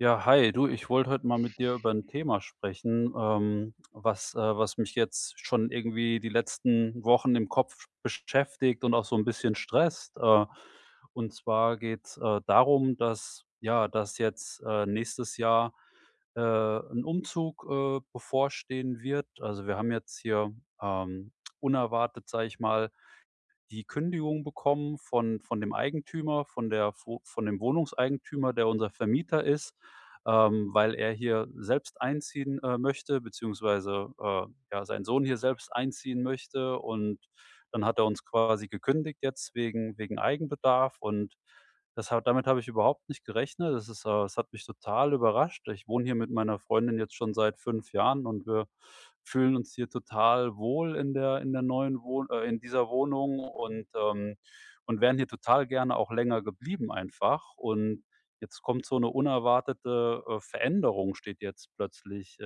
Ja, hi. Du, ich wollte heute mal mit dir über 'n Thema sprechen, ähm, was äh, was mich jetzt schon irgendwie die letzten Wochen im Kopf beschäftigt und auch so 'n bisschen stresst. Äh, und zwar geht's, äh, darum, dass ja, dass jetzt, äh, nächstes Jahr, äh, 'n Umzug, äh, bevorstehen wird. Also, wir haben jetzt hier, ähm, unerwartet, sage ich mal, die Kündigung bekommen von von dem Eigentümer von der vo von dem Wohnungseigentümer, der unser Vermieter ist, ähm, weil er hier selbst einziehen, äh, möchte beziehungsweise, äh, ja, sein Sohn hier selbst einziehen möchte. Und dann hat er uns quasi gekündigt jetzt wegen wegen Eigenbedarf und das ha damit habe ich überhaupt nicht gerechnet. Es ist, äh es hat mich total überrascht. Ich wohne hier mit meiner Freundin jetzt schon seit 5 Jahren und wir fühlen uns hier total wohl in der in der neuen Wohn äh, in dieser Wohnung und, ähm und wären hier total gerne auch länger geblieben einfach. Und jetzt kommt so 'ne unerwartete, äh Veränderung steht jetzt plötzlich, äh,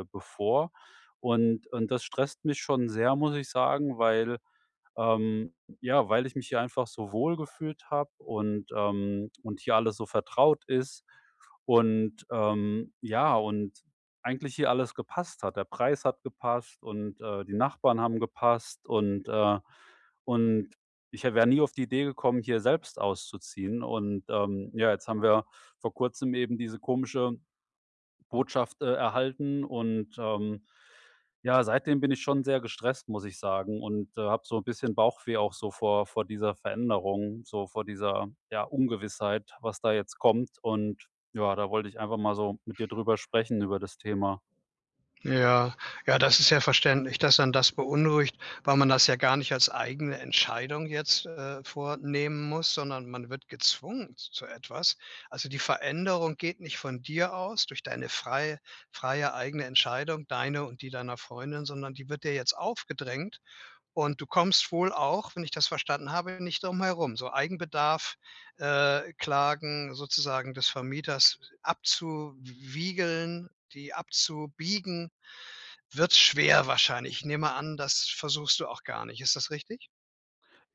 äh, bevor und und das stresst mich schon sehr, muss ich sagen, weil, ähm ja, weil ich mich hier einfach so wohlgefühlt habe und, ähm und hier alles so vertraut ist und, ähm ja, und eigentlich hier alles gepasst hat. Der Preis hat gepasst und, äh, die Nachbarn haben gepasst und, äh und ich wäre nie auf die Idee gekommen, hier selbst auszuziehen. Und, ähm, ja, jetzt haben wir vor Kurzem eben diese komische Botschaft, äh, erhalten und, ähm, ja, seitdem bin ich schon sehr gestresst, muss ich sagen, und, äh, habe so 'n bisschen Bauchweh auch so vor vor dieser Veränderung so vor dieser, ja, Ungewissheit, was da jetzt kommt. Und, ja, da wollte ich einfach mal so mit dir drüber sprechen über das Thema. Ja. Ja, das ist ja verständlich, dass einen das beunruhigt, weil man das ja gar nicht als eigene Entscheidung jetzt, äh, vornehmen muss, sondern man wird gezwungen z zu etwas. Also, die Veränderung geht nicht von dir aus, durch deine frei freie eigene Entscheidung, deine und die deiner Freundin, sondern die wird dir jetzt aufgedrängt. Und du kommst wohl auch wenn ich das verstanden habe nicht drum herum. So Eigenbedarf äh, Klagen sozusagen des Vermieters abzuwiegeln die abzubiegen, wird schwer wahrscheinlich. Ich nehme an, das versuchst du auch gar nicht. Ist das richtig?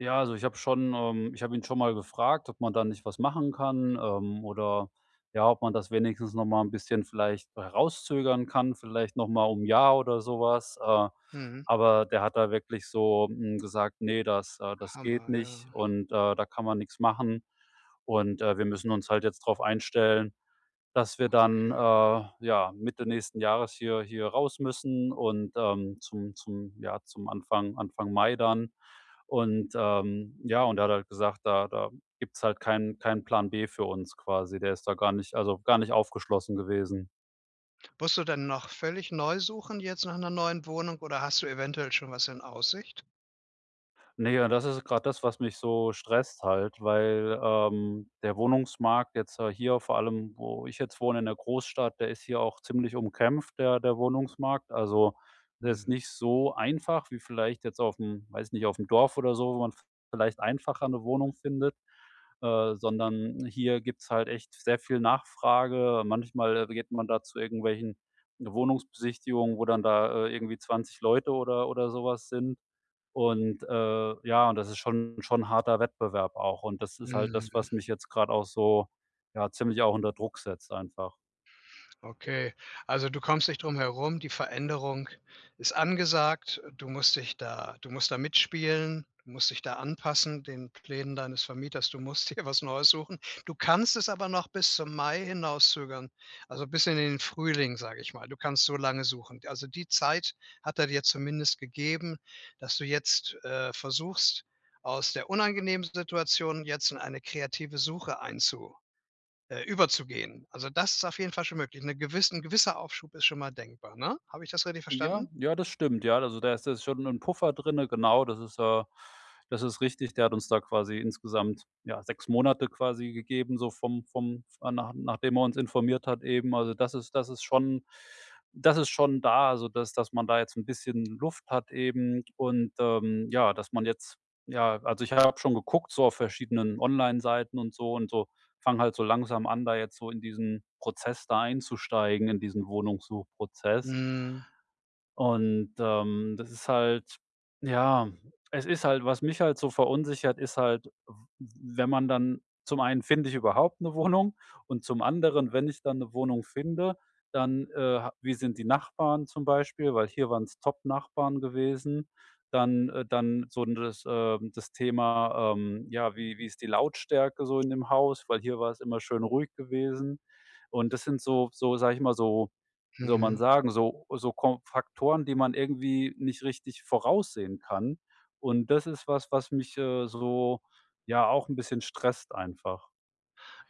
Ja, also, ich habe schon, ähm ich habe ihn schon mal gefragt, ob man da nicht was machen kann. Ähm, oder, ja, ob man das wenigstens noch mal 'n bisschen vielleicht herauszögern kann, vielleicht noch mal um 'n Jahr, oder so was. Äh, Mhm. aber der hat da wirklich so, hm, gesagt: „Ne, das äh, das geht Hammer, ja. nicht und, äh, da kann man nix machen.“ Und, äh, wir müssen uns halt jetzt drauf einstellen, dass wir dann, äh, Okay. ja, Mitte nächsten Jahres hier hier raus müssen und, ähm, zum zum ja, zum Anfang Anfang Mai dann. Und, ähm ja, und er hat halt gesagt: „Da da gibt's halt keinen keinen Plan B“, für uns quasi. Der ist da gar nicht also, gar nicht aufgeschlossen gewesen. Musst du denn noch völlig neu suchen jetzt nach 'ner neuen Wohnung oder hast du eventuell schon was in Aussicht? Ne, und das ist grad das, was mich so stresst halt, weil, ähm, der Wohnungsmarkt jetzt, äh, hier vor allem, wo ich jetzt wohne in der Großstadt der ist hier auch ziemlich umkämpft, der der Wohnungsmarkt. Also, der ist Hm. nicht so einfach wie vielleicht jetzt auf'm weiß nicht, auf'm Dorf oder so, wo man v vielleicht einfacher 'ne Wohnung findet, äh, sondern hier gibt's halt echt sehr viel Nachfrage. Manchmal geht man da zu irgendwelchen Wohnungsbesichtigungen, wo dann da, äh, irgendwie 20 Leute oder oder so was sind. Und, äh ja, und das ist schon schon harter Wettbewerb auch. Und das ist halt das, was Mhm. mich jetzt grad auch so ja, ziemlich auch unter Druck setzt einfach. Okay. Also, du kommst nicht drum herum. Die Veränderung ist angesagt. Äh, du musst dich da du musst da mitspielen. Du musst dich da anpassen den Plänen deines Vermieters. Du musst dir was Neues suchen. Du kannst es aber noch bis zum Mai hinauszögern, also, bis in den Frühling, sage ich mal. Du kannst so lange suchen. D also, die Zeit hat er dir zumindest gegeben, dass du jetzt, äh, versuchst, aus der unangenehmen Situation jetzt in eine kreative Suche einzu äh, überzugehen. Also, das ist auf jeden Fall schon möglich. 'Ne gewiss 'n gewisser Aufschub ist schon mal denkbar, ne? Habe ich das richtig Ja, verstanden? ja, das stimmt, ja. Also, da ist jetzt schon 'n Puffer drinnen. Genau, das ist, äh das ist richtig. Der hat uns da quasi insgesamt, ja, 6 Monate quasi gegeben, so vom vom f äh, nach nachdem er uns informiert hat eben. Also, das ist das ist schon das ist schon da, also, dass dass man da jetzt 'n bisschen Luft hat eben und, ähm, ja, dass man jetzt ja, also, ich habe schon geguckt so auf verschiedenen Onlineseiten und so und so fange halt so langsam an, da jetzt so in diesen Prozess da einzusteigen, in diesen Wohnungssuchprozess. Mhm. Und, ähm, das ist halt ja, es ist halt was mich halt so verunsichert, ist halt w w wenn man dann zum einen finde ich überhaupt 'ne Wohnung? Und zum anderen, wenn ich dann 'ne Wohnung finde, dann, äh, ha wie sind die Nachbarn zum Beispiel? Weil hier waren's top Nachbarn gewesen. Dann, äh dann so das, ähm das Thema, ähm, ja, wie wie ist die Lautstärke so in dem Haus? Weil hier war es immer schön ruhig gewesen. Und das sind so so sage ich mal, so wie soll man Mhm. sagen, so so ko Faktoren, die man irgendwie nicht richtig voraussehen kann. Und das ist was, was mich, äh, so, ja, auch 'n bisschen stresst einfach.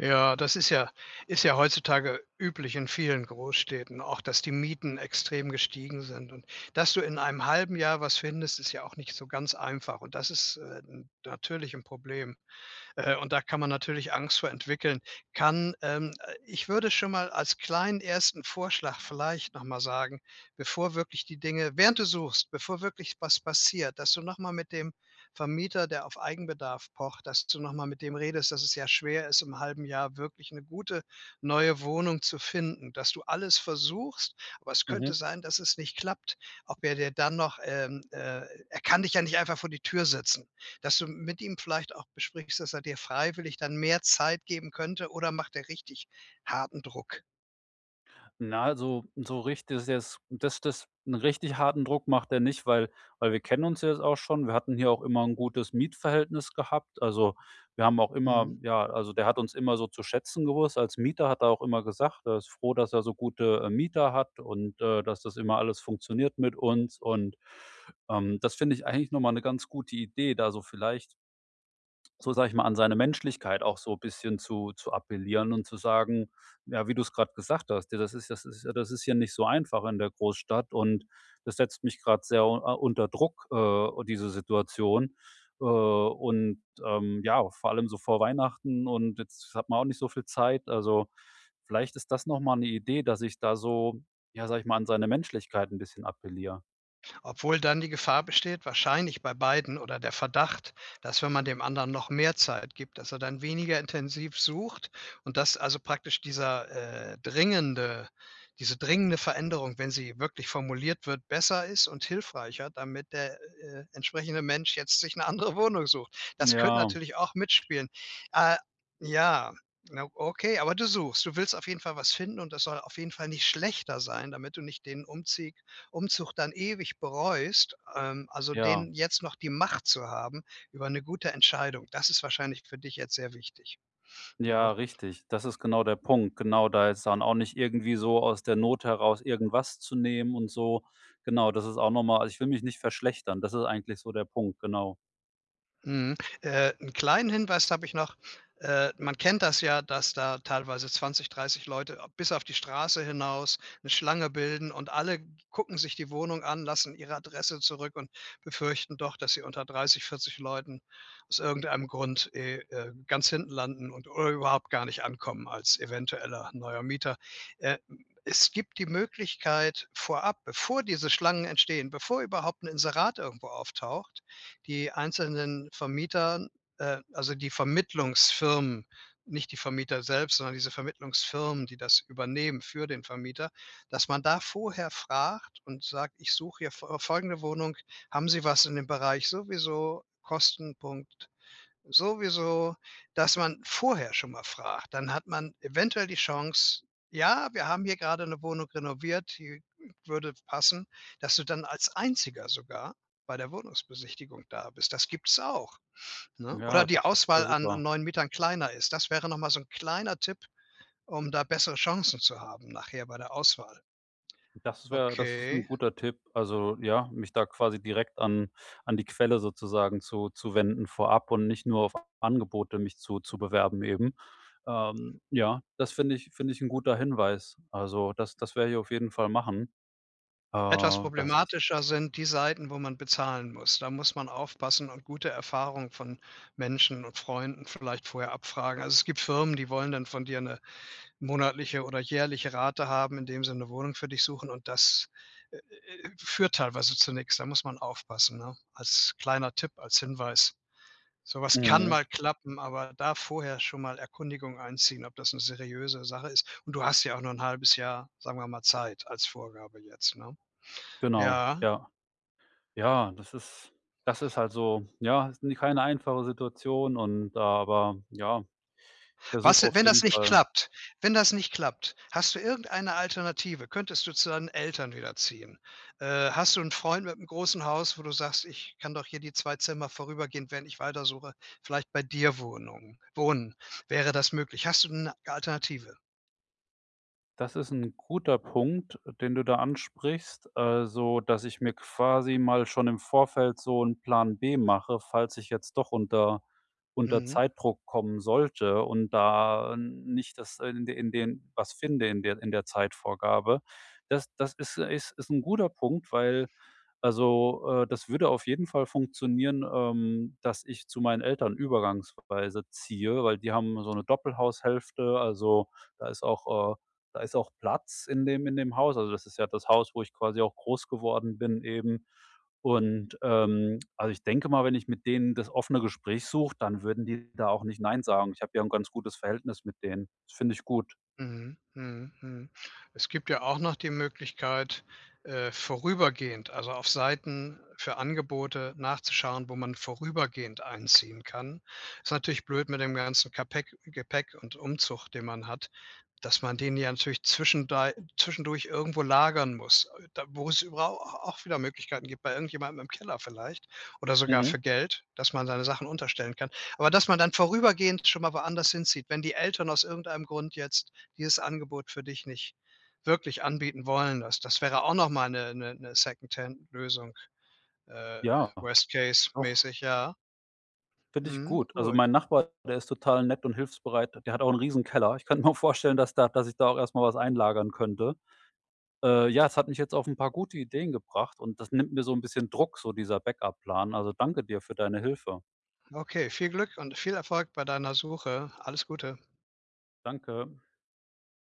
Ja, das ist ja ist ja heutzutage üblich in vielen Großstädten auch, dass die Mieten extrem gestiegen sind. Und dass du in einem 1/2 Jahr was findest, ist ja auch nicht so ganz einfach. Und das ist, äh, n natürlich 'n Problem, äh, und da kann man natürlich Angst vor entwickeln. Kann, ähm äh, ich würde schon mal als kleinen 1. Vorschlag vielleicht noch mal sagen, bevor wirklich die Dinge während du suchst, bevor wirklich was passiert, dass du noch mal mit dem Vermieter, der auf Eigenbedarf pocht dass du noch mal mit dem redest, dass es sehr schwer ist, im 1/2 Jahr wirklich 'ne gute neue Wohnung zu finden. Dass du alles versuchst, aber es könnte Mhm. sein, dass es nicht klappt. Ob er dir dann noch, ähm, äh er kann dich ja nicht einfach vor die Tür setzen. Dass du m mit ihm vielleicht auch besprichst, dass er dir freiwillig dann mehr Zeit geben könnte, oder macht der richtig harten Druck? Na, so so richtig ist das jetzt das das 'n richtig harten Druck macht er nicht, weil weil wir kennen uns jetzt auch schon. Wir hatten hier auch immer 'n gutes Mietverhältnis gehabt. Also, wir haben auch immer Mhm. ja, also, der hat uns immer so zu schätzen gewusst als Mieter, hat er auch immer gesagt, er ist froh, dass er so gute, äh, Mieter hat und, äh, dass das immer alles funktioniert mit uns. Und, ähm, das finde ich eigentlich noch mal 'ne ganz gute Idee, da so vielleicht so, sage ich mal, an seine Menschlichkeit auch so bisschen zu zu appellieren und zu sagen ja, wie du's grad gesagt hast: „Da das ist das ist ja das ist hier nicht so einfach in der Großstadt und das setzt mich grad sehr a unter Druck, äh, diese Situation. Äh, und, ähm, ja, vor allem so vor Weihnachten und jetzt hat man auch nicht so viel Zeit.“ Also, vielleicht ist das noch mal 'ne Idee, dass ich da so ja, sage ich mal, an seine Menschlichkeit 'n bisschen appelliere. Obwohl dann die Gefahr besteht, wahrscheinlich bei beiden oder der Verdacht, dass wenn man dem anderen noch mehr Zeit gibt, dass er dann weniger intensiv sucht und dass also, praktisch dieser, äh, dringende diese dringende Veränderung, wenn sie wirklich formuliert wird, besser ist und hilfreicher, damit der, äh, entsprechende Mensch jetzt sich 'ne andere Wohnung sucht. Das könnte Ja. natürlich auch mitspielen. Äh, ja. Na okay. Aber du suchst, du willst auf jeden Fall was finden und das soll auf jeden Fall nicht schlechter sein, damit du nicht den Umzieg Umzug dann ewig bereust. Ähm, also, Ja. den jetzt noch die Macht zu haben über 'ne gute Entscheidung, das ist wahrscheinlich für dich jetzt sehr wichtig, Ja, ne? richtig. Das ist genau der Punkt. Genau, da jetzt dann auch nicht irgendwie so aus der Not heraus irgendwas zu nehmen und so. Genau, das ist auch noch mal also, ich will mich nicht verschlechtern. Das ist eigentlich so der Punkt, genau. Mhm. Äh, 'n kleinen Hinweis habe ich noch. Äh, man kennt das ja, dass da teilweise 20, 30 Leute a bis auf die Straße hinaus 'ne Schlange bilden und alle gucken sich die Wohnung an, lassen ihre Adresse zurück und befürchten doch, dass sie unter 30, 40 Leuten aus irgendeinem Grund eh, äh, ganz hinten landen und überhaupt gar nicht ankommen als eventueller neuer Mieter. Äh, hm, es gibt die Möglichkeit vorab, bevor diese Schlangen entstehen, bevor überhaupt 'n Inserat irgendwo auftaucht, die einzelnen Vermietern, äh also, die Vermittlungsfirmen nicht die Vermieter selbst, sondern diese Vermittlungsfirmen, die das übernehmen für den Vermieter dass man da vorher fragt und sagt: „Ich suche hier fo folgende Wohnung. Haben Sie was in dem Bereich sowieso, Kostenpunkt sowieso?“ Dass man vorher schon mal fragt. Dann hat man eventuell die Chance: „Ja, wir haben hier grade 'ne Wohnung renoviert, die w würde passen“, dass du dann als Einziger sogar bei der Wohnungsbesichtigung da bist. Das gibt's auch, ne? Oder Ja, die das wäre Auswahl an an super. neuen Mietern kleiner ist. Das wäre noch mal so 'n kleiner Tipp, um da bessere Chancen zu haben nachher bei der Auswahl. Das wäre das ist 'n Okay. guter Tipp. Also, ja, mich da quasi direkt an an die Quelle sozusagen zu zu wenden vorab und nicht nur auf Angebote mich zu zu bewerben eben. Ähm, ja, das finde ich finde ich 'n guter Hinweis. Also, das das werde ich auf jeden Fall machen. Äh, Etwas das problematischer sind die Seiten, wo man bezahlen muss. Da muss man aufpassen und gute Erfahrungen von Menschen und Freunden vielleicht vorher abfragen. Also, es gibt Firmen, die wollen dann von dir 'ne monatliche oder jährliche Rate haben, indem sie 'ne Wohnung für dich suchen und das, äh, äh, führt teilweise zu nix. Da muss man aufpassen, ne? Als kleiner Tipp, als Hinweis. So was kann Mhm. mal klappen, aber da vorher schon mal Erkundigungen einziehen, ob das 'ne seriöse Sache ist. Und du hast ja auch noch 'n 1/2 Jahr, sagen wir mal, Zeit als Vorgabe jetzt, ne? Genau, Ja. ja. Ja, das ist das ist halt so, ja, is ne, keine einfache Situation und aber ja, ich versuche Was auf wenn jeden das nicht Fall klappt? Wenn das nicht klappt, hast du irgendeine Alternative? Könntest du zu deinen Eltern wieder ziehen? Äh, hast du 'n Freund mit'm großen Haus, wo du sagst: „Ich kann doch hier die 2 Zimmer vorübergehend, während ich weiter suche vielleicht bei dir Wohnung wohnen?“ Wäre das möglich? Hast du 'ne Alternative? Das ist 'n guter Punkt, den du da ansprichst. Also, dass ich mir quasi mal schon im Vorfeld so 'n Plan B mache, falls ich jetzt doch unter unter Mhm. Zeitdruck kommen sollte und da äh, nicht das in de in den was finde in der in der Zeitvorgabe. Das das ist ist ist 'n guter Punkt, weil also, äh, das würde auf jeden Fall funktionieren, ähm, dass ich zu meinen Eltern übergangsweise ziehe, weil die haben so 'ne Doppelhaushälfte. Also, da ist auch, äh da ist auch Platz in dem in dem Haus. Also, das ist ja das Haus, wo ich quasi auch groß geworden bin eben. Und, ähm also, ich denke mal, wenn ich mit denen das offene Gespräch suche, dann würden die da auch nicht nein sagen. Ich habe ja 'n ganz gutes Verhältnis mit denen. Das finde ich gut. Mhm, mhm, mhm. Es gibt ja auch noch die Möglichkeit, äh, vorübergehend also, auf Seiten für Angebote nachzuschauen, wo man vorübergehend einziehen kann. Ist natürlich blöd mit dem ganzen Kapeck Gepäck und Umzug, den man hat, dass man den ja natürlich zwischendei zwischendurch irgendwo lagern muss, äh, da wo's über au au auch wieder Möglichkeiten gibt, bei irgendjemandem im Keller vielleicht oder sogar für Mhm. Geld, dass man seine Sachen unterstellen kann. Aber dass man dann vorübergehend schon mal woanders hinzieht, wenn die Eltern aus irgendeinem Grund jetzt dieses Angebot für dich nicht wirklich anbieten wollen. Das das wäre auch noch mal 'ne 'ne 'ne Second-Hand-Lösung, äh, Ja. Doch. worst-case-mäßig, ja. Finde ich Mhm, gut. Also, gut. mein Nachbar, der ist total nett und hilfsbereit. Der hat auch 'n riesen Keller. Ich könnte mir auch vorstellen, dass da dass ich da auch erst mal was einlagern könnte. Äh, ja, es hat mich jetzt auf 'n paar gute Ideen gebracht und das nimmt mir so 'n bisschen Druck, so dieser Backup-Plan. Also, danke dir für deine Hilfe. Okay, viel Glück und viel Erfolg bei deiner Suche. Alles Gute. Danke.